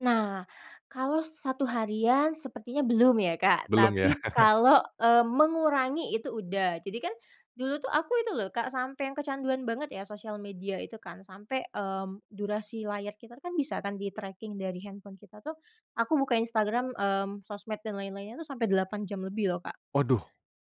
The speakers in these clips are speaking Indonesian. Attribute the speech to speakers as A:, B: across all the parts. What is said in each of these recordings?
A: Nah, kalo 1 harian sepertinya belum ya, Kak.
B: Belum ya?
A: Tapi kalo, eee, mengurangi itu udah. Jadi kan dulu tuh aku itu loh, Kak, sampai yang kecanduan banget ya, sosial media itu kan, sampai, mmm, durasi layar kita kan, bisa kan di-tracking dari handphone kita tuh, aku buka Instagram, mmm, sosmed dan lain-lainnya tuh, sampai 8 jam lebih loh, Kak.
B: Waduh.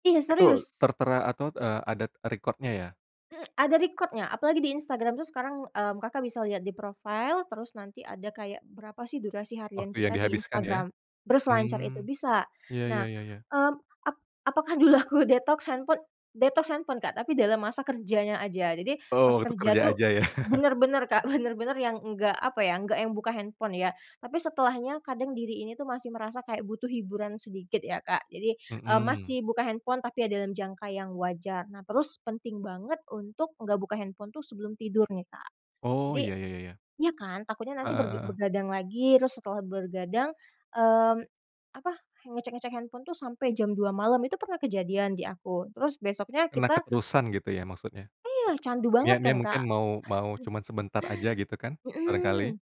A: Iya,
B: Itu
A: serius.
B: tertera atau d eee, adat record-nya ya?
A: Mmm, ada record-nya, apalagi di Instagram tuh, sekarang, mmm, Kakak bisa lihat di profile, terus nanti ada kayak berapa sih durasi harian
B: Waktu yang
A: kita di
B: dihabiskan ya?
A: Instagram, berselancar itu
B: Hmm.
A: bisa.
B: Iya iya
A: Nah,
B: iya iya.
A: mmm, ap apakah dulu aku detox handphone detox handphone, Kak. Tapi dalam masa kerjanya aja, jadi pas
B: Oh, untuk
A: kerja
B: kerja
A: tuh,
B: aja ya?
A: bener-bener Kak, bener-bener yang enggak apa ya, enggak yang buka handphone ya. Tapi setelahnya kadang diri ini tuh, masih merasa kayak butuh hiburan sedikit ya, Kak. Jadi, eee,
B: Mhm.
A: masih buka handphone, tapi ya dalam jangka yang wajar. Nah, terus penting banget untuk enggak buka handphone tuh sebelum tidur nih, Kak.
B: Oh,
A: Jadi
B: iya iya iya iya.
A: iya kan, takutnya
B: Heeh
A: nanti berga
B: heeh.
A: bergadang lagi, terus setelah bergadang, mmm, apa, ngecek-ngecek handphone tuh sampai jam 2 malam, itu pernah kejadian di aku, terus besoknya
B: Kena
A: kita
B: keterusan gitu ya, maksudnya?
A: Iya, candu banget
B: Niatnya
A: kan,
B: mungkin
A: Kak.
B: mau mau cuman sebentar aja gitu kan, barangkali?
A: Hmm.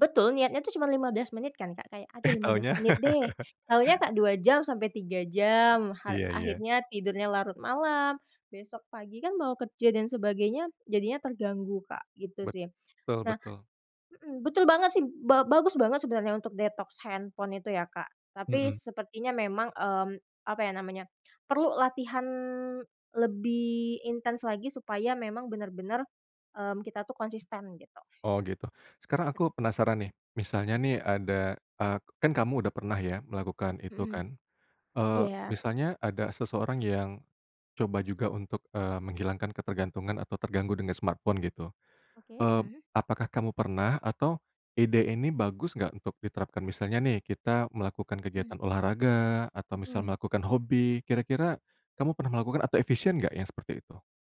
A: Betul niatnya tuh cuma 15 menit kan, Kak, kayak aduh
B: Eh
A: 15
B: taunya.
A: menit deh, taunya Kak, 2 jam sampai 3 jam, ha
B: Iya iya.
A: akhirnya tidurnya larut malam, besok pagi kan mau kerja dan sebagainya, jadinya terganggu, Kak, gitu sih.
B: Betul
A: Nah
B: betul.
A: mhm, betul banget sih, ba bagus banget sebenarnya untuk detox handphone itu ya, Kak, tapi
B: Hmm.
A: sepertinya memang, mmm, apa ya namanya, perlu latihan lebih intens lagi, supaya memang bener-bener, mmm, kita tuh konsisten gitu.
B: Oh gitu, sekarang aku
A: Mhm.
B: penasaran nih, misalnya nih ada, eee, kan kamu udah pernah ya, melakukan itu
A: Hmm.
B: kan? Eee,
A: Iya.
B: misalnya ada seseorang yang coba juga untuk, eee, menghilangkan ketergantungan atau terganggu dengan smartphone gitu.
A: Oke,
B: Eee,
A: mhm.
B: apakah kamu pernah atau ide ini bagus nggak, untuk diterapkan? Misalnya nih, kita melakukan
A: Hmm.
B: kegiatan olahraga atau misal
A: Mhm.
B: melakukan hobi, kira-kira kamu pernah melakukan atau efisien nggak yang seperti itu?